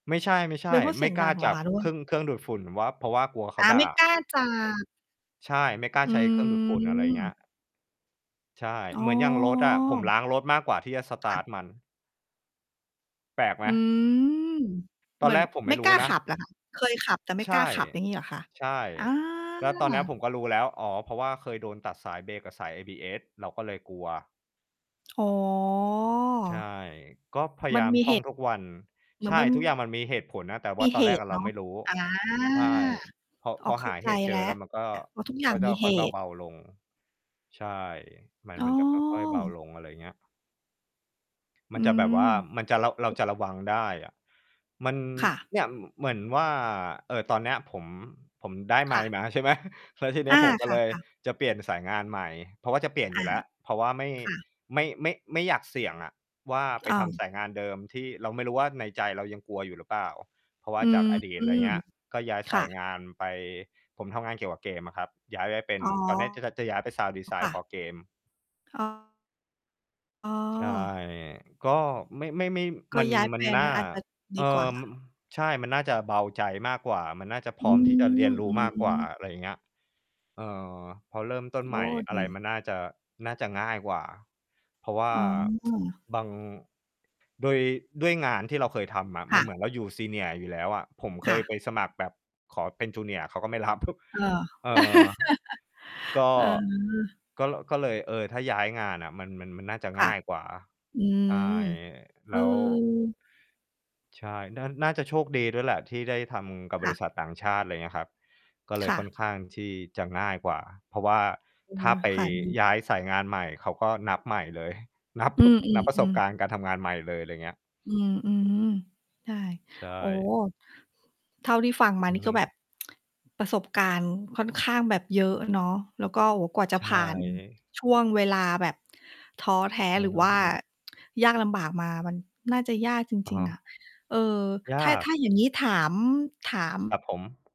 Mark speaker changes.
Speaker 1: ไม่ใช่ ไม่ใช
Speaker 2: ไม่
Speaker 1: ่
Speaker 2: พูดเ
Speaker 1: ไ
Speaker 2: ส
Speaker 1: ม
Speaker 2: ี
Speaker 1: ่
Speaker 2: ยง
Speaker 1: ก
Speaker 2: ด
Speaker 1: ล
Speaker 2: ั
Speaker 1: ้า
Speaker 2: งเหร
Speaker 1: จ
Speaker 2: อ
Speaker 1: ั
Speaker 2: ค
Speaker 1: บ
Speaker 2: ะ?
Speaker 1: เครื่อง เครื่องดูดฝุ่นว่า เพราะว่ากลัวเข
Speaker 2: อ
Speaker 1: า
Speaker 2: า
Speaker 1: ด
Speaker 2: ไม
Speaker 1: ่
Speaker 2: ่ก
Speaker 1: า
Speaker 2: ล้า จะ
Speaker 1: ใช่ ไม่กล้า
Speaker 2: อื
Speaker 1: ใช้เครื่องดูดฝุ่น อะไรอย่างเงี้
Speaker 2: ม
Speaker 1: ย ใช่
Speaker 2: อ๋
Speaker 1: เหมือนอย่างรถอะ ผม
Speaker 2: อ
Speaker 1: ล้างรถมากกว่าที่จะ ส
Speaker 2: ค
Speaker 1: ต
Speaker 2: ่
Speaker 1: าร
Speaker 2: ะ
Speaker 1: ์ต มัน แปลกไห
Speaker 2: อื
Speaker 1: ม?
Speaker 2: ม
Speaker 1: ต
Speaker 2: เห
Speaker 1: อ
Speaker 2: ม
Speaker 1: น
Speaker 2: ือ
Speaker 1: แร
Speaker 2: น
Speaker 1: กผมไ
Speaker 2: ไ
Speaker 1: ม
Speaker 2: ม่
Speaker 1: ่ร
Speaker 2: ก
Speaker 1: ู้
Speaker 2: ล้า
Speaker 1: น
Speaker 2: ข
Speaker 1: ะ
Speaker 2: ับ เหรอคะ? เคยขับแต่ไม่
Speaker 1: ใช
Speaker 2: ก
Speaker 1: ่
Speaker 2: ล้าขับ อย่างงี้เหรอคะ?
Speaker 1: ใช่
Speaker 2: อา
Speaker 1: แล้วตอนเนี้ยผมก็รู้แล้ว อ้อ เพราะว่าเคยโดนตัดสายเบรก กับสาย ABS เราก็เลยกลัว
Speaker 2: อ๋อ
Speaker 1: ใช่ ก็พยา
Speaker 2: มั
Speaker 1: ย
Speaker 2: น
Speaker 1: าม
Speaker 2: มี
Speaker 1: ท
Speaker 2: เ
Speaker 1: ่
Speaker 2: ห
Speaker 1: อง
Speaker 2: ตุ
Speaker 1: ทุกวัน
Speaker 2: เหม
Speaker 1: ใ
Speaker 2: ือ
Speaker 1: ช
Speaker 2: น
Speaker 1: ่
Speaker 2: มัน
Speaker 1: ทุกอย่างมันมีเหตุผลนะ แต่ว
Speaker 2: ม
Speaker 1: ่
Speaker 2: ี
Speaker 1: าตอ
Speaker 2: เห
Speaker 1: นแรก
Speaker 2: ต
Speaker 1: อ
Speaker 2: ุ
Speaker 1: ะ
Speaker 2: เ
Speaker 1: เ
Speaker 2: น
Speaker 1: รา
Speaker 2: าะ
Speaker 1: ไม่รู้
Speaker 2: อา
Speaker 1: ใช่ พอ
Speaker 2: อ๋
Speaker 1: พ
Speaker 2: อ
Speaker 1: อ
Speaker 2: เข
Speaker 1: ห
Speaker 2: ้า
Speaker 1: า
Speaker 2: ใจ
Speaker 1: เหตุเจ
Speaker 2: แล้
Speaker 1: อ
Speaker 2: ว
Speaker 1: แล้วมันก็
Speaker 2: เพราะทุกอย่
Speaker 1: ก
Speaker 2: า
Speaker 1: ็
Speaker 2: ง
Speaker 1: จ่
Speaker 2: มี
Speaker 1: อ ค
Speaker 2: เห
Speaker 1: ่อยเ
Speaker 2: ตุ
Speaker 1: บา ๆ ลง ใช่ มัน
Speaker 2: อ้
Speaker 1: มันจะค่อย ๆ เบา
Speaker 2: อ
Speaker 1: ลง อะไรอย่างเงี้ย ม
Speaker 2: อ
Speaker 1: ั
Speaker 2: ื
Speaker 1: นจะแบบว่า มันจะ เรา เรา
Speaker 2: ม
Speaker 1: จะระวังได้อะ มัน
Speaker 2: ค่ะ
Speaker 1: เนี้ย เหมือนว่า เอ่อ ตอนเนี้ยผม ผมได้ไ
Speaker 2: ค
Speaker 1: ม
Speaker 2: ่
Speaker 1: ค์
Speaker 2: ะ
Speaker 1: มา ใช่ไหม แล้วทีน
Speaker 2: อ
Speaker 1: ี้
Speaker 2: า
Speaker 1: ผม ก็
Speaker 2: ค่
Speaker 1: เ
Speaker 2: ะ
Speaker 1: ลย
Speaker 2: ค่ะ
Speaker 1: จะเปลี่ยนสายงานใหม่ เพราะว่าจะเปลี่ยน
Speaker 2: อ
Speaker 1: อยู
Speaker 2: า
Speaker 1: ่แล้ว เพราะว่าไม่
Speaker 2: ค่ะ
Speaker 1: ไม่ ไม่ ไม่อยากเสี่ยงอะ ว่าไป
Speaker 2: อา
Speaker 1: ทำสายงานเดิมที่เราไม่รู้ว่า ในใจเรายังกลัวอยู่หรือเปล่า เพราะว่
Speaker 2: อ
Speaker 1: า
Speaker 2: ื
Speaker 1: จา
Speaker 2: ม
Speaker 1: กอดีต อะไรเงี้ย ก็ย้าย
Speaker 2: ค
Speaker 1: ส
Speaker 2: ่
Speaker 1: าย
Speaker 2: ะ
Speaker 1: งานไป ผมทำงานเกี่ยวกับเกมอะครับ ย้ายได้เป็น
Speaker 2: อ๋อ
Speaker 1: ตอนจะ จะ จะย้ายไป Sound
Speaker 2: ค
Speaker 1: Design
Speaker 2: ่ะ
Speaker 1: for Game
Speaker 2: อ้อ อ๋อ
Speaker 1: ใช่ ก็ ไม่ ไม่ ไม่
Speaker 2: ก
Speaker 1: ม
Speaker 2: ็
Speaker 1: ัน
Speaker 2: ย้าย
Speaker 1: ม
Speaker 2: แฟ
Speaker 1: ัน
Speaker 2: น
Speaker 1: น่
Speaker 2: น
Speaker 1: า
Speaker 2: ั้น อาจจะด
Speaker 1: เอ่
Speaker 2: ี กว่
Speaker 1: อ
Speaker 2: า
Speaker 1: ใช่ มันน่าจะเบาใจมากกว่า มันน่าจะพ
Speaker 2: อ
Speaker 1: ร
Speaker 2: ื
Speaker 1: ้อม
Speaker 2: ม
Speaker 1: ที่จะเรียนร
Speaker 2: อ
Speaker 1: ู
Speaker 2: ื
Speaker 1: ้มากกว
Speaker 2: ม
Speaker 1: ่า
Speaker 2: ๆ
Speaker 1: อะไรอย่างเงี้ย เออ พอเริ่มต้น
Speaker 2: โ
Speaker 1: ใ
Speaker 2: อ
Speaker 1: หม
Speaker 2: ้
Speaker 1: ่ อ
Speaker 2: ด
Speaker 1: ะไร
Speaker 2: ี
Speaker 1: มันน่าจะ น่าจะง่ายกว่า เพราะว่า
Speaker 2: อ๋อ
Speaker 1: บาง ด้วย ด้วยงานที่เราเคยทำอะ
Speaker 2: ค
Speaker 1: มั
Speaker 2: ่
Speaker 1: นเหม
Speaker 2: ะ
Speaker 1: ือนเราอยู่ senior อยู่แล้วอะ ผมเค
Speaker 2: ค่
Speaker 1: ย
Speaker 2: ะ
Speaker 1: ไปสมัครแบบขอเป็น junior เขาก็ไม่ รับ
Speaker 2: เออ
Speaker 1: เออ ก็
Speaker 2: เออ
Speaker 1: ก็ ก็เลย เอ่อ ถ้าย้ายงานอะ มัน มัน มันน่าจะ
Speaker 2: ค
Speaker 1: ง
Speaker 2: ่ะ
Speaker 1: ่ายกว่า
Speaker 2: อื
Speaker 1: ใช่
Speaker 2: ม เ
Speaker 1: แล
Speaker 2: อ
Speaker 1: ้ว
Speaker 2: อ
Speaker 1: ใช่ น่า น่าจะโชคดีด้วยแหละ ที่ได้ทำกับ
Speaker 2: ค
Speaker 1: บ
Speaker 2: ่
Speaker 1: ร
Speaker 2: ะ
Speaker 1: ิษัทต่างชาติ อะไรอย่างเงี้ยครับ ก็เล
Speaker 2: ค
Speaker 1: ย
Speaker 2: ่
Speaker 1: ค่อน
Speaker 2: ะ
Speaker 1: ข้างที่จะง่ายกว่า เพราะว่า
Speaker 2: อื
Speaker 1: ถ้
Speaker 2: ม
Speaker 1: าไปย้ายสายงานใหม่เขา ก็นับใหม่เลย นับ
Speaker 2: อื
Speaker 1: นับประสบ
Speaker 2: อ
Speaker 1: ก
Speaker 2: ๆ ๆ
Speaker 1: ารณ์การทำงานใหม่เลย อะไรอย่างเงี้ย
Speaker 2: อือ อืม ใช่
Speaker 1: ใช
Speaker 2: โอ้
Speaker 1: ่
Speaker 2: เท่าที่ฟังมา
Speaker 1: อื
Speaker 2: นี
Speaker 1: อ
Speaker 2: ่
Speaker 1: ฮ
Speaker 2: ก็แบ
Speaker 1: ึ
Speaker 2: บ ประสบการณ์ค่อนข้างแบบ เยอะเนาะ แล้วก็ โอ้ กว่าจะ
Speaker 1: ใช
Speaker 2: ผ่าน
Speaker 1: ่
Speaker 2: ช่วงเวลาแบบ ท้อแท้
Speaker 1: อื
Speaker 2: หร
Speaker 1: อ
Speaker 2: ือ
Speaker 1: ฮ
Speaker 2: ว่า
Speaker 1: ึ
Speaker 2: ยากลำบากมา มันน่าจะยากจ
Speaker 1: อะ
Speaker 2: ริ
Speaker 1: ฮ
Speaker 2: ง
Speaker 1: ะ
Speaker 2: ๆ อะ เอ่อ
Speaker 1: ย
Speaker 2: ถ้
Speaker 1: า
Speaker 2: า
Speaker 1: ก
Speaker 2: ถ้าอย่างนี้ถาม ถาม
Speaker 1: ครับผม